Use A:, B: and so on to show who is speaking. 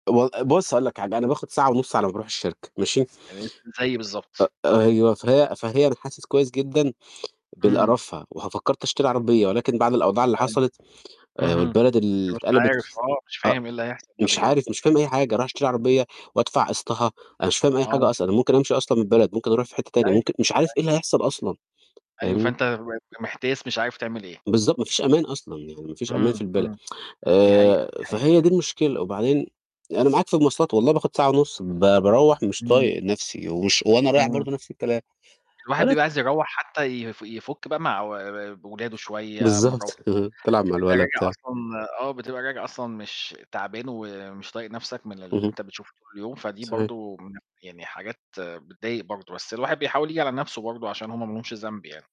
A: ب بُصّ هاقول لك حاجة، أنا باخد ساعة ونُص على ما باروح الشركة، ماشي،
B: [unintelligible] زيي بالضبط.
A: أ أيوه، فهي فهي أنا حاسس كويس جدًا بال
B: إمم.
A: قرفها، وه فكّرت أشتري عربية، ولكن بعد الأوضاع اللي
B: أيوه،
A: حصلِت، آآ،
B: اهم.
A: والبلد اللي
B: أنت مش
A: اتقلبت
B: عارف
A: ف
B: آه، مش
A: أ
B: فاهم إيه اللي هيحصل بعد
A: مش
B: كده.
A: عارف، مش فاهم أي حاجة، رايح أشتري عربية وأدفع قسطها، أنا مش فاهم أي حاجة
B: آه.
A: أصلًا، أنا ممكن أمشي أصلًا من البلد، ممكن أروح في حتّة تانية،
B: أيوه،
A: ممكن مش عارف إيه
B: أيوه.
A: اللي هيحصل أصلًا،
B: أيوه،
A: فاهمني؟
B: فأنت بقيت محتاس مش عارف تعمل إيه.
A: بالضبط، ما فيش أمان أصلًا يعني، مفيش أمان في
B: إمم،
A: البلد،
B: إمم، دي حقيقة، دي
A: آآ
B: حقيقة.
A: فهي دي المشكلة، وبعدين، أنا معاك في المواصلات والله باخد ساعة ونُص ب باروّح مش
B: إمم.
A: طايق نفْسي ومش وأنا رايح
B: إمم.
A: برضو نفْس الكلام.
B: الواحد بيبقى
A: [unintelligible]
B: عايز يروّح حتّى يف يفك بقى مع و ولاده شوية، مراته،
A: بالضبط، بتلعب مع
B: بتبقى
A: الولا
B: راجع
A: بتاع.
B: أصلًا آه، بتبقى راجع أصلًا مش تعبان ومش طايق نفْسك من اللي
A: اهم.
B: أنت بتشوفه طول يوم، فدي
A: صحيح.
B: برضو من يعني حاجات بتضايق برضو، بس الواحد بيحاول ييجي على نفْسه برضو عشان هُم ما لهمش ذنب يعني.